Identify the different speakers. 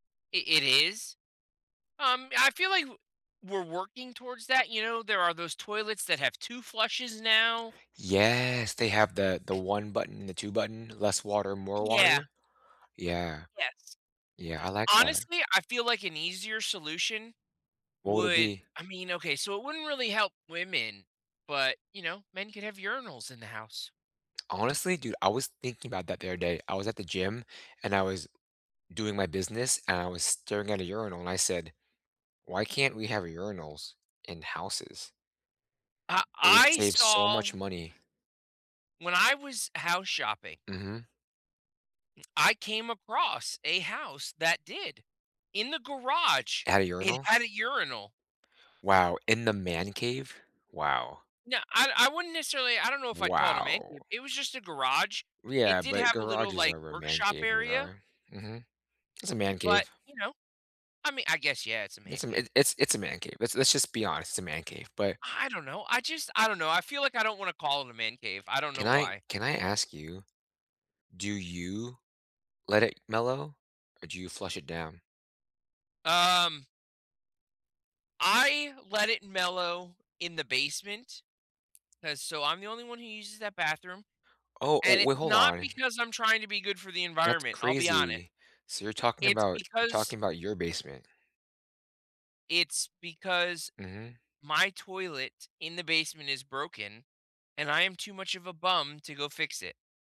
Speaker 1: I it is? Um, I feel, like, w we're working towards that, you know, there are those toilets that have 2 flushes now
Speaker 2: Yes. They have the the one button, the two button, less water, more
Speaker 1: Yeah.
Speaker 2: water. Yeah.
Speaker 1: Yes.
Speaker 2: Yeah, I like that.
Speaker 1: Honestly, I feel, like, an easier solution
Speaker 2: What would it
Speaker 1: would
Speaker 2: be?
Speaker 1: I mean, okay. So, it wouldn't really help women, but, you know, men could have urinals in the house.
Speaker 2: Honestly, dude, I was thinking about that the other day. I was at the gym, and I was doing my business, and I was staring at a urinal, and I said, "Why can't we have urinals in houses?"
Speaker 1: Uh,
Speaker 2: It would
Speaker 1: I
Speaker 2: save so much
Speaker 1: saw
Speaker 2: money.
Speaker 1: when I was house shopping
Speaker 2: Mhm.
Speaker 1: I came across a house that did, in the garage,
Speaker 2: At a
Speaker 1: it
Speaker 2: urinal?
Speaker 1: had a urinal.
Speaker 2: Wow! In the man cave? Wow!
Speaker 1: No, I I wouldn't necessarily I don't know if I'd call it a "man cave."
Speaker 2: Wow!
Speaker 1: It was, just, a garage.
Speaker 2: W
Speaker 1: It
Speaker 2: yeah,
Speaker 1: did
Speaker 2: but
Speaker 1: have a little,
Speaker 2: garages
Speaker 1: like,
Speaker 2: are where man
Speaker 1: workshop
Speaker 2: cave
Speaker 1: area
Speaker 2: [unintelligible] Mhm. It's a man
Speaker 1: but,
Speaker 2: cave.
Speaker 1: you know, I mean I guess, yeah, it's a man
Speaker 2: It's a m
Speaker 1: cave.
Speaker 2: it it's it's a man cave. Let's let's, just, be honest. It's a man cave, but
Speaker 1: I don't know. I, just, I don't know. I feel, like, I don't wanna call it a "man cave." I don't
Speaker 2: can
Speaker 1: know
Speaker 2: I
Speaker 1: why.
Speaker 2: can I ask you, do you let it mellow, or do you flush it down?
Speaker 1: Um I let it mellow in the basement, 'cause so I'm the only one who uses that bathroom,
Speaker 2: Oh, oh
Speaker 1: and it's
Speaker 2: we Hold
Speaker 1: not
Speaker 2: on.
Speaker 1: because I'm trying to be good for the
Speaker 2: That's
Speaker 1: environment, I'll be honest.
Speaker 2: crazy. So you're talking
Speaker 1: It's
Speaker 2: about you're
Speaker 1: because
Speaker 2: talking about your basement?
Speaker 1: it's because
Speaker 2: Mhm.
Speaker 1: my toilet in the basement is broken, and I am too much of a bum to go fix it.